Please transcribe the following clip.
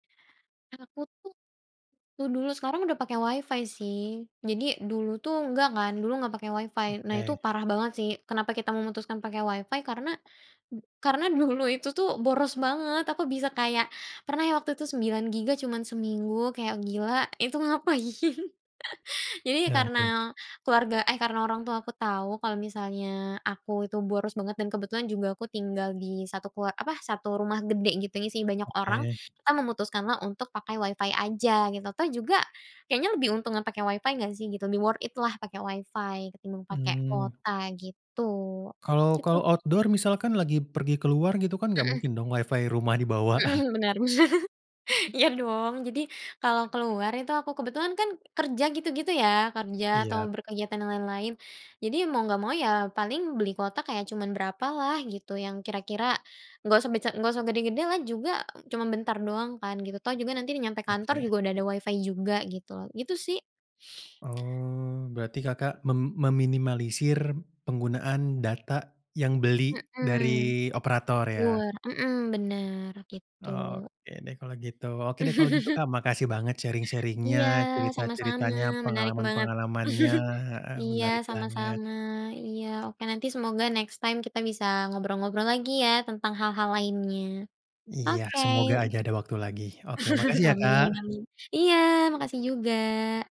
Aku tuh, tuh dulu, sekarang udah pakai Wi-Fi sih, jadi, dulu tuh nggak kan, nggak pakai Wi-Fi. Nah, itu Oke. parah banget sih, kenapa kita memutuskan pakai Wi-Fi, karena karena dulu itu tuh boros banget, aku bisa kayak pernah ya waktu 9 Gigabyte cuman seminggu, kayak, "Gila, itu ngapain?". Jadi, Iya, itu. karena keluarga, eh, karena orang tua aku tahu kalau misalnya aku itu boros banget dan kebetulan juga aku tinggal di satu kelua apa, 1 rumah gede, gitu ya sih, isi banyak orang, Oke. kita memutuskanlah untuk pakai Wi-Fi aja, gitu. Toh, juga kayaknya lebih untungan pakai Wi-Fi nggak sih, gitu, lebih worth it lah pakai Wi-Fi ketimbang pakai Hmm. kuota, gitu. Kalau Gitu. kalau outdoor, misalkan lagi pergi keluar, gitu? Kan nggak Heeh. mungkin dong Wi-Fi rumah dibawa. Heeh. Bener, bener. Iya, dong. Jadi, kalau keluar itu, aku kebetulan kan kerja, gitu-gitu ya, kerja atau Iya. berkegiatan lain-lain. Jadi, mau nggak mau ya paling beli kuota kayak cuman berapa lah gitu, yang kira-kira nggak usah besa nggak usah gede-gede lah juga, cuma bentar doang kan, gitu. Toh, juga nanti nyampe kantor Oke. juga udah ada Wi-Fi juga, gitu loh. Gitu, sih. Oh. Berarti Kakak mem meminimalisir penggunaan data yang beli Heeh. dari operator, ya? mhm, bener. Gitu. Oke deh, kalau gitu. Oke deh, kalau gitu, Kak. Makasih banget sharing-sharing-nya, Iya, sama-sama. cerita-ceritanya, Menarik banget. pengalaman-pengalamannya, heeh, Iya, menarik banget. sama-sama, iya. Oke, nanti semoga next time kita bisa ngobrol-ngobrol lagi ya tentang hal-hal lainnya. Iya. Oke. Semoga aja ada waktu lagi. Oke, makasih ya, Amin Kak. amin. Iya, makasih juga.